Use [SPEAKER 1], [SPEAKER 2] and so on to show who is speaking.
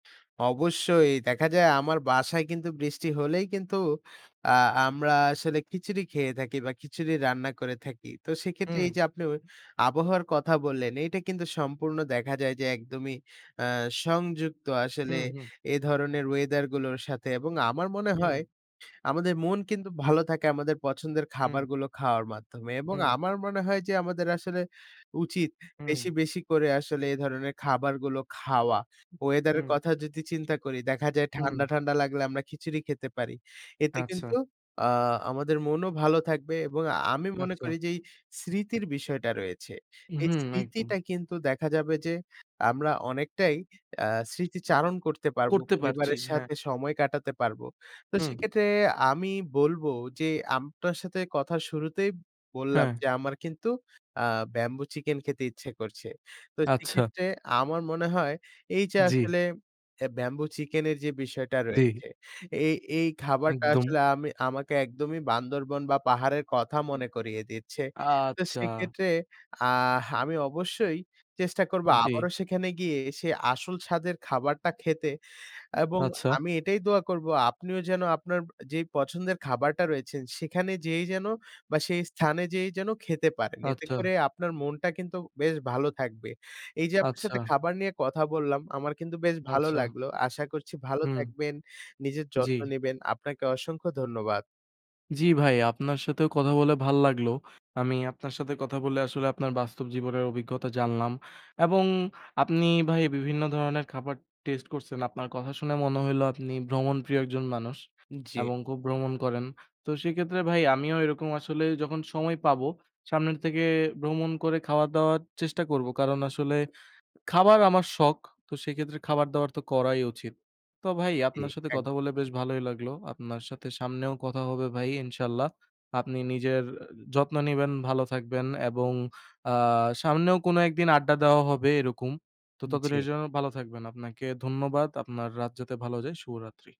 [SPEAKER 1] অবশ্যই, দেখা যায় আমার বাসায় কিন্তু বৃষ্টি হলেই কিন্তু আ আমরা আসলে খিচুড়ি খেয়ে থাকি, বা খিচুড়ি রান্না করে থাকি। তো সেক্ষেত্রে
[SPEAKER 2] হুম।
[SPEAKER 1] এই যে আপনিও আবহাওয়ার কথা বললেন এইটা কিন্তু সম্পূর্ণ দেখা যায় যে একদমই আ সংযুক্ত। আসলে
[SPEAKER 2] হুম, হুম।
[SPEAKER 1] এ ধরনের ওয়েদার গুলোর সাথে, এবং আমার মনে
[SPEAKER 2] হুম।
[SPEAKER 1] হয় আমাদের মন কিন্তু ভালো থাকে আমাদের পছন্দের
[SPEAKER 2] হুম।
[SPEAKER 1] খাবারগুলো খাওয়ার মাধ্যমে। এবং
[SPEAKER 2] হুম।
[SPEAKER 1] আমার মনে হয় যে, আমাদের আসলে উচিত বেশি,
[SPEAKER 2] হুম।
[SPEAKER 1] বেশি করে আসলে এ ধরনের খাবারগুলো খাওয়া। ওয়েদারের
[SPEAKER 2] হুম।
[SPEAKER 1] কথা যদি চিন্তা করি, দেখা যায়
[SPEAKER 2] হুম।
[SPEAKER 1] ঠান্ডা, ঠান্ডা লাগলে আমরা খিচুড়ি খেতে পারি। এতে কিন্তু
[SPEAKER 2] আচ্ছা।
[SPEAKER 1] আ আমাদের মনও ভালো থাকবে এবং আ আমি মনে
[SPEAKER 2] আচ্ছা।
[SPEAKER 1] করি যে এই স্মৃতির বিষয়টা রয়েছে।
[SPEAKER 2] উ
[SPEAKER 1] এই
[SPEAKER 2] হু, একদম।
[SPEAKER 1] স্মৃতিটা কিন্তু দেখা যাবে যে, আমরা অনেকটাই আ স্মৃতিচারণ করতে পারব।
[SPEAKER 2] করতে পারছি,
[SPEAKER 1] পরিবারের
[SPEAKER 2] হ্যাঁ।
[SPEAKER 1] সাথে সময় কাটাতে পারব। তো
[SPEAKER 2] হুম।
[SPEAKER 1] সেক্ষেত্রে আমি বলব যে আপনার সাথে কথার শুরুতেই বললাম
[SPEAKER 2] হ্যাঁ।
[SPEAKER 1] যে আমার কিন্তু আ ব্যাম্বু চিকেন খেতে ইচ্ছে করছে। তো
[SPEAKER 2] আচ্ছা।
[SPEAKER 1] সেক্ষেত্রে আমার মনে হয়, এই যে
[SPEAKER 2] জি।
[SPEAKER 1] আসলে এ ব্যাম্বু চিকেনের যে বিষয়টা
[SPEAKER 2] জি।
[SPEAKER 1] রয়েছে। এই এই খাবারটা
[SPEAKER 2] একদম।
[SPEAKER 1] আসলে আমি আমাকে একদমই বান্দরবন বা পাহাড়ের কথা মনে করিয়ে দিচ্ছে। তো
[SPEAKER 2] আচ্ছা।
[SPEAKER 1] সেক্ষেত্রে আহ আমি অবশ্যই চেষ্টা করব
[SPEAKER 2] জি।
[SPEAKER 1] আবারও সেখানে গিয়ে সে আসল স্বাদের খাবারটা খেতে। এবং
[SPEAKER 2] আচ্ছা।
[SPEAKER 1] আমি এটাই দোয়া করব আপনিও যেন আপনার যেই পছন্দের খাবারটা রয়েছেন সেখানে যেয়েই যেন বা সেই স্থানে যেয়েই যেন খেতে পারেন। এতে
[SPEAKER 2] আচ্ছা।
[SPEAKER 1] করে আপনার মনটা কিন্তু বেশ ভালো থাকবে। এই যে আপনার
[SPEAKER 2] আচ্ছা।
[SPEAKER 1] সাথে খাবার নিয়ে কথা বললাম, আমার কিন্তু বেশ ভালো
[SPEAKER 2] আচ্ছা।
[SPEAKER 1] লাগলো। আশা করছি ভালো
[SPEAKER 2] হুম।
[SPEAKER 1] থাকবেন। নিজের যত্ন
[SPEAKER 2] জি।
[SPEAKER 1] নিবেন। আপনাকে অসংখ্য ধন্যবাদ।
[SPEAKER 2] জি, ভাই আপনার সাথেও কথা বলে ভালো লাগলো। আমি আপনার সাথে কথা বলে আসলে আপনার বাস্তব জীবনের অভিজ্ঞতা জানলাম। এবং আপনি ভাই বিভিন্ন ধরনের খাবার টেস্ট করছেন। আপনার কথা শুনে মনে হইলো আপনি ভ্রমণ প্রিয় একজন মানুষ
[SPEAKER 1] জি।
[SPEAKER 2] এবং খুব ভ্রমণ করেন। তো সেক্ষেত্রে ভাই আমিও এরকম আসলেই যখন সময় পাবো সামনের থেকে ভ্রমণ করে খাওয়া দাওয়ার চেষ্টা করব। কারণ আসলে খাবার আমার শখ। তো সেক্ষেত্রে খাবার দাবার তো করাই উচিত। তো ভাই
[SPEAKER 1] জি,
[SPEAKER 2] আপনার সাথে কথা
[SPEAKER 1] একদম।
[SPEAKER 2] বলে বেশ ভালোই লাগলো। আপনার সাথে সামনেও কথা হবে ভাই, ইনশাল্লাহ। আপনি নিজের যত্ন নিবেন, ভালো থাকবেন এবং আ সামনেও কোন একদিন আড্ডা দেওয়া হবে এরকম। তো
[SPEAKER 1] উ জি।
[SPEAKER 2] ততদিনের জন্য ভালো থাকবেন। আপনাকে ধন্যবাদ। আপনার রাত যাতে ভালো যায়, শুভরাত্রি।